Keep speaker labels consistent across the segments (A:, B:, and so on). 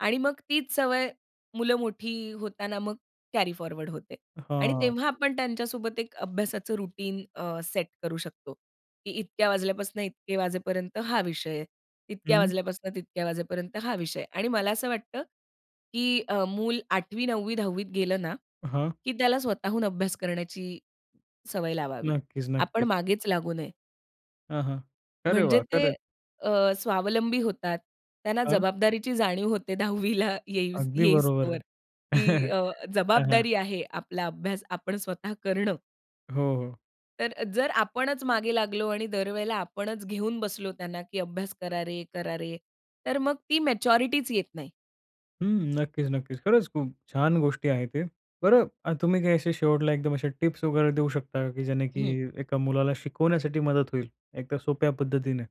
A: आणि मग तीच सवय मुलं मोठी होतांना मग कॅरी फॉरवर्ड होते. आणि
B: हां.
A: तेव्हा आपण त्यांच्या सोबत एक अभ्यासाचं रूटीन अ, सेट करू शकतो. की इतक्या वाजल्यापासून इतके वाजेपर्यंत हा विषय. इतक्या
B: हं.
A: वाजल्यापासून तितक्या वाजेपर्यंत हा विषय. आणि मला असं वाटतं की अ, मूल 8वी, 9वी,10वी त गेलं ना,
B: हां.
A: की त्याला स्वतःहून अभ्यास करण्याची सवय लावावी.
B: नक्कीच,
A: आपण
B: नक्कीच.
A: मागेच लागू नये.
B: हं, हं. अरे
A: म्हणजे
B: वा!
A: ते
B: खरं.
A: अ, स्वावलंबी होतात. त्यांना
B: अं?
A: जबाबदारीची जाणीव होते 10वीला येई
B: अगदी बरोबर
A: येईसतोवर.
B: आहे.
A: की अ,
B: हां, हां.
A: जबाबदारी आहे आपला अभ्यास आपण स्वतः करणं.
B: हो, हो.
A: तर जर आपणच मागे लागलो आणि दरवेळेला आपणच घेऊन बसलो त्यांना की "अभ्यास करा रे, करा रे." तर मग ती मॅच्युरिटीच येत नाही.
B: हं. नक्कीच, नक्कीच. खरंच खूप छान गोष्टी आहे ते. बरं तुम्ही काय असे शेवटला एकदम असे टिप्स वगैरे देऊ शकता का की ज्याने की
A: हं.
B: एका मुलाला शिकवण्यासाठी मदत होईल एका सोप्या पद्धतीने?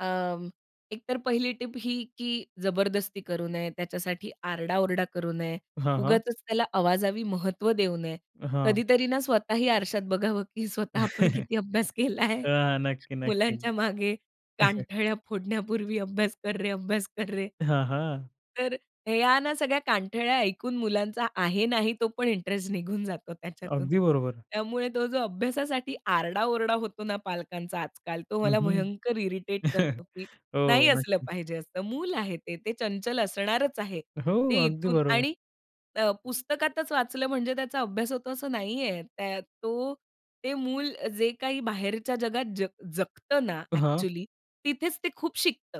A: अ, एकतर पहिली टिप ही की जबरदस्ती करू नये. त्याच्यासाठी आरडा-ओरडा करू नये.
B: हां, हां
A: उगाचच त्याला आवाजावी महत्व देऊ नये.
B: हां.
A: कधीतरी ना स्वतःही आरशात बघावं की स्वतः आपण किती
B: अं,
A: अभ्यास केलाय.
B: नक्की, नक्की.
A: मुलांच्या मागे कानठळ्या फोडण्यापूर्वी "अभ्यास कर रे, अभ्यास कर रे."
B: हां, हां.
A: तर ह्या ना सगळ्या कानठळ्या ऐकून मुलांचा आहे नाही तो पण इंटरेस्ट निघून जातो त्याच्यातून.
B: अगदी बरोबर.
A: त्यामुळे तो जो अभ्यासासाठी आरडा-ओरडा होतो ना पालकांचा आजकाल तो
B: हं,
A: मला
B: हं.
A: भयंकर इरिटेट करतो की नाही
B: हो.
A: असलं
B: नक्कीच.
A: पाहिजे असं. मूल आहे ते. ते चंचल असणारच आहे.
B: हो.
A: ते
B: अगदी
A: इथून
B: बरोबर.
A: आणि अ, पुस्तकातच वाचलं म्हणजे त्याचा अभ्यास होतो असं नाहीये. त्या तो ते मूल जे काही बाहेरच्या जगात ज जगतं ना
B: हां.
A: एक्चुअली तिथेच ते खूप शिकतं.